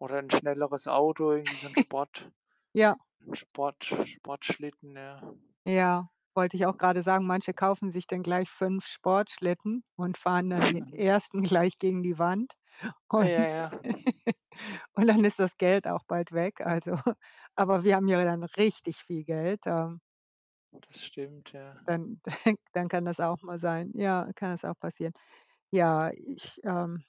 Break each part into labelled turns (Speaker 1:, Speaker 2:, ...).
Speaker 1: Oder 'n schnelleres Auto, irgendwie so 'n Sport
Speaker 2: Ja.
Speaker 1: 'n Sport Sportschlitten, ja.
Speaker 2: Ja, wollte ich auch grade sagen. Manche kaufen sich dann gleich 5 Sportschlitten und fahren dann den 1. gleich gegen die Wand.
Speaker 1: Äh,
Speaker 2: Und
Speaker 1: ja, ja.
Speaker 2: und dann ist das Geld auch bald weg, also aber wir haben ja dann richtig viel Geld, ähm
Speaker 1: Das stimmt, ja.
Speaker 2: dann dann dann kann das auch mal sein. Ja, kann das auch passieren. Ja, ich, ähm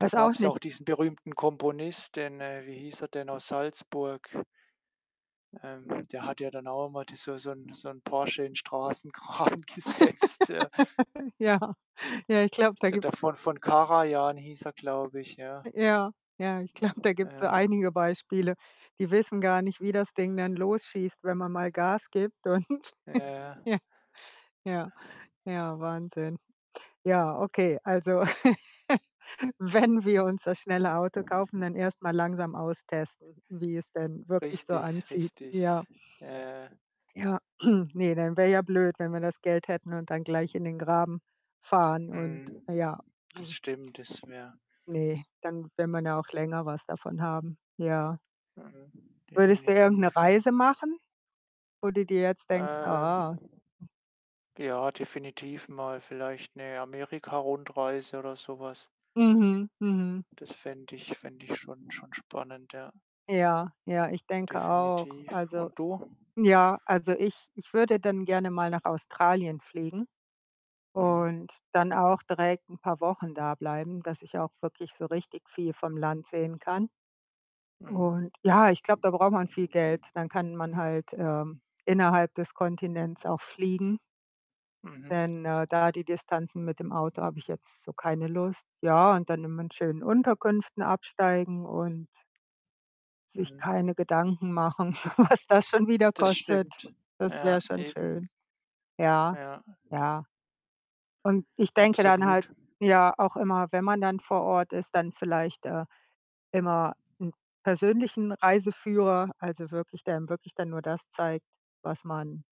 Speaker 1: Da
Speaker 2: weiß auch
Speaker 1: gab's ja
Speaker 2: nicht.
Speaker 1: auch diesen berühmten Komponist den, äh wie hieß er denn, aus Salzburg? Ähm, der hat ja dann auch einmal da so so 'n so 'n Porsche in Straßengraben gesetzt, ja.
Speaker 2: Ja. Ja, ich glaube, da
Speaker 1: Der
Speaker 2: gibt
Speaker 1: der Von Von Karajan hieß er, glaube ich, ja.
Speaker 2: Äh, ja, ja, ich glaube, da gibt's so
Speaker 1: Ja.
Speaker 2: einige Beispiele. Die wissen gar nicht, wie das Ding dann losschießt, wenn man mal Gas gibt und
Speaker 1: Ja, ja.
Speaker 2: ja, ja, Wahnsinn. Ja, okay, also, wenn wir uns das schnelle Auto kaufen, dann erst mal langsam austesten, wie es denn wirklich so
Speaker 1: Richtig,
Speaker 2: anzieht.
Speaker 1: richtig.
Speaker 2: Ja.
Speaker 1: Ja, ja, ja.
Speaker 2: Ja, ne, dann wäre ja blöd, wenn wir das Geld hätten und dann gleich in den Graben fahren und
Speaker 1: Mhm.
Speaker 2: ja.
Speaker 1: Das stimmt, das wäre
Speaker 2: Ne, dann will man ja auch länger was davon haben, ja.
Speaker 1: Mhm,
Speaker 2: Würdest du irgend 'ne
Speaker 1: definitiv, ja.
Speaker 2: Reise machen, wo du dir jetzt denkst:
Speaker 1: Ähm.
Speaker 2: „Ah?“
Speaker 1: Ja, definitiv mal vielleicht 'ne Amerikarundreise oder so was.
Speaker 2: Mhm, mhm.
Speaker 1: Das fände ich fände ich schon schon spannend, ja.
Speaker 2: Ja, ja, ich denke auch.
Speaker 1: Definitiv.
Speaker 2: Also
Speaker 1: Und du?
Speaker 2: ja, also, ich ich würde dann gerne mal nach Australien fliegen
Speaker 1: Mhm.
Speaker 2: und dann auch direkt 'n paar Wochen da bleiben, dass ich auch wirklich so richtig viel vom Land sehen kann.
Speaker 1: Mhm.
Speaker 2: Und, ja, ich glaube, da braucht man viel Geld. Dann kann man halt, ähm, innerhalb des Kontinents auch fliegen
Speaker 1: Mhm.
Speaker 2: denn, äh, da die Distanzen mit dem Auto habe ich jetzt so keine Lust. Ja, und dann immer in schönen Unterkünften absteigen und sich
Speaker 1: Mhm.
Speaker 2: keine Gedanken machen, was das schon wieder
Speaker 1: Das
Speaker 2: kostet.
Speaker 1: stimmt.
Speaker 2: Das wäre
Speaker 1: Ja,
Speaker 2: schon
Speaker 1: eben.
Speaker 2: schön. Ja,
Speaker 1: Ja.
Speaker 2: ja. Und ich denke dann halt
Speaker 1: Absolut.
Speaker 2: ja, auch immer, wenn man dann vor Ort ist, dann vielleicht, äh, immer 'n persönlichen Reiseführer, also, wirklich der einem wirklich dann nur das zeigt, was man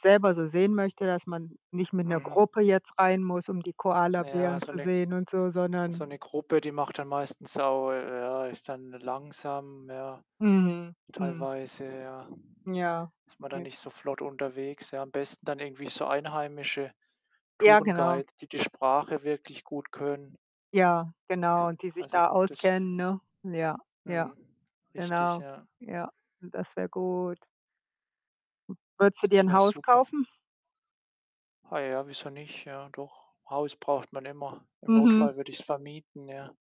Speaker 2: selber so sehen möchte, dass man nicht mit 'ner
Speaker 1: Mhm.
Speaker 2: Gruppe jetzt rein muss, um die
Speaker 1: Ja,
Speaker 2: Koalabären
Speaker 1: so
Speaker 2: zu
Speaker 1: 'ne
Speaker 2: sehen und so,
Speaker 1: so
Speaker 2: sondern
Speaker 1: 'ne Gruppe, die macht dann meistens auch ja, ist dann langsam, ja.
Speaker 2: Mhm, mhm.
Speaker 1: Teilweise, ja,
Speaker 2: Ja,
Speaker 1: ist man da
Speaker 2: ja.
Speaker 1: nicht so flott unterwegs, ja. Am besten dann irgendwie so einheimische
Speaker 2: Ja, genau.
Speaker 1: Tourguide, die die Sprache wirklich gut können.
Speaker 2: Ja, genau, die sich
Speaker 1: Also,
Speaker 2: da
Speaker 1: das f
Speaker 2: auskennen, ne? Ja, ja,
Speaker 1: mhm, richtig,
Speaker 2: genau,
Speaker 1: ja.
Speaker 2: ja. Das wäre gut. Würdest du dir
Speaker 1: Das
Speaker 2: 'n
Speaker 1: wäre
Speaker 2: Haus
Speaker 1: super.
Speaker 2: kaufen?
Speaker 1: Ah ja, wieso nicht? Ja, doch. Haus braucht man immer. Im
Speaker 2: Mhm.
Speaker 1: Notfall würde ich's vermieten, ja.